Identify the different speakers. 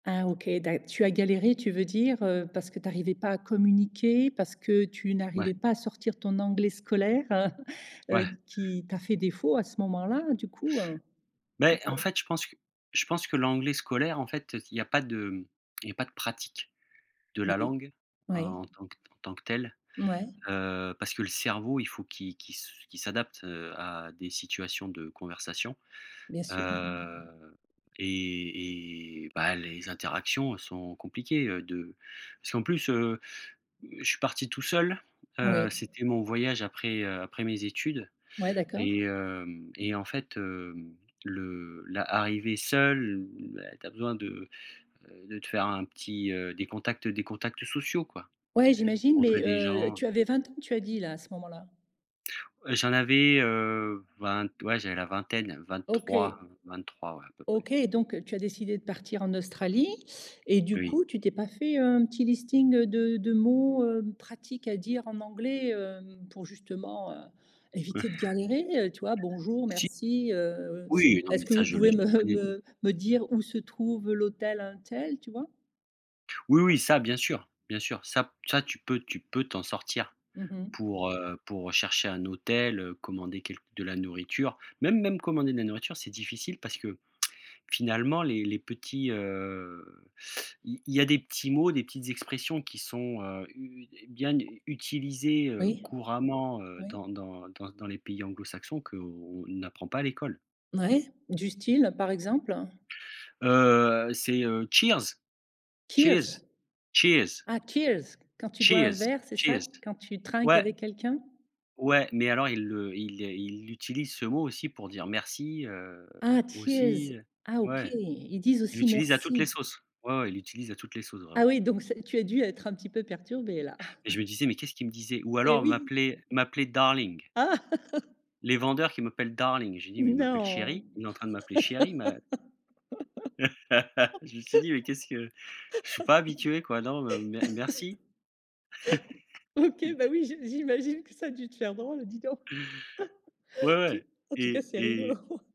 Speaker 1: Ah, OK, d'acc tu as galéré, tu veux dire, heu, parce que tu arrivais pas à communiquer, parce que tu
Speaker 2: Ouais.
Speaker 1: n'arrivais pas à sortir ton anglais scolaire, heu, heu,
Speaker 2: Ouais.
Speaker 1: qui t'a fait défaut à ce moment-là, heu, du coup, heu?
Speaker 2: Mais, en
Speaker 1: [unintelligible]
Speaker 2: fait, je pense que je pense que l'anglais scolaire, en fait, heu, s il y a pas de, hem, il y a pas de pratique de la
Speaker 1: Oui.
Speaker 2: langue
Speaker 1: Oui.
Speaker 2: en en tant que en tant que telle,
Speaker 1: Ouais.
Speaker 2: heu, parce que le cerveau, il faut qu'il qu'il qu'il s'adapte à des situations de conversation,
Speaker 1: Bien sûr.
Speaker 2: heu et et, bah, les interactions sont compliquées, heu, de parce qu'en plus, heu, je suis parti tout seul, heu,
Speaker 1: Oui.
Speaker 2: c'était mon voyage après, heu, après mes études
Speaker 1: Ouais, d'accord.
Speaker 2: et hem et en fait, heu, le la arrivé seul, heu, beh tu as besoin de, heu, de te faire un petit, heu, des contacts des contacts sociaux, quoi,
Speaker 1: Ouais, j'imagine
Speaker 2: rencontrer
Speaker 1: mais,
Speaker 2: des
Speaker 1: heu,
Speaker 2: gens.
Speaker 1: tu avais 20 ans, tu as dit, là, à ce moment-là?
Speaker 2: J'en avais, heu, vingt ouais, j'avais la vingtaine,
Speaker 1: OK.
Speaker 2: 23, 23, ouais, à peu près.
Speaker 1: OK, donc, tu as décidé de partir en Australie et du
Speaker 2: Oui.
Speaker 1: coup, tu t'es pas fait un petit listing de de mots, heu, pratiques, à dire en anglais, heu, pour justement, heu,
Speaker 2: Ouais.
Speaker 1: éviter de galérer, heu, tu vois? Bonjour,
Speaker 2: Si.
Speaker 1: merci, heu,
Speaker 2: Oui! Non,
Speaker 1: est-ce
Speaker 2: mais
Speaker 1: que
Speaker 2: ça,
Speaker 1: vous
Speaker 2: je le
Speaker 1: pouvez me,
Speaker 2: connais.
Speaker 1: heu, me dire où se trouve l'hôtel untel, tu vois?
Speaker 2: Oui, oui, ça, bien sûr. Bien sûr, ça p ça tu peux tu peux t'en sortir
Speaker 1: Mmh mh.
Speaker 2: pour, heu, pour chercher un hôtel, heu, commander quelqu de la nourriture, même même commander de la nourriture, c'est difficile parce que, finalement, les les petits, heu, il y a des petits mots, des petites expressions qui sont, heu, u u é bien utilisées, heu,
Speaker 1: Oui.
Speaker 2: couramment, heu,
Speaker 1: Oui.
Speaker 2: dans dans dans dans les pays anglo-saxons, qu'on n'apprend pas à l'école.
Speaker 1: Ouais, du style, par exemple, heu?
Speaker 2: Heu, heu, c'est, heu, cheers. Cheers.
Speaker 1: Keers?
Speaker 2: Cheers.
Speaker 1: Ah, keers, quand tu bois un
Speaker 2: Cheers,
Speaker 1: verre, c'est ça,
Speaker 2: cheers.
Speaker 1: quand tu trinques
Speaker 2: Ouais!
Speaker 1: avec quelqu'un?
Speaker 2: Ouais, mais alors ils le, ils les ils l'utilisent, ce mot, aussi pour dire merci, heu,
Speaker 1: Ah,
Speaker 2: aussi,
Speaker 1: cheers!
Speaker 2: heu
Speaker 1: Ah OK,
Speaker 2: ouais,
Speaker 1: ils disent
Speaker 2: ils
Speaker 1: aussi
Speaker 2: l'utilisent à toutes les
Speaker 1: merci.
Speaker 2: sauces. Ouais, ouais, ils l'utilisent à toutes les sauces,
Speaker 1: Ah
Speaker 2: vraiment
Speaker 1: oui, donc c'est tu as dû être un petit peu perturbé, là.
Speaker 2: et je me disais: «Mais qu'est-ce qu'il me disait» ou
Speaker 1: Eh
Speaker 2: alors on
Speaker 1: oui!
Speaker 2: m'appelait m'appelait darling.
Speaker 1: Ah!
Speaker 2: Les vendeurs qui m'appellent Darling, j'ai dit: «Mais il m'appelle
Speaker 1: Non!
Speaker 2: chéri? Il est en train de m'appeler chéri? Mais» Je me suis dit: «Mais qu'est-ce que?» je suis pas habitué quoi, non mais, m merci!
Speaker 1: OK, bah oui, j'imagine que ça a dû te faire drôle, dis donc.
Speaker 2: Ouais,
Speaker 1: Tou
Speaker 2: ouais
Speaker 1: en tout cas,
Speaker 2: et
Speaker 1: c'est rigolo.
Speaker 2: et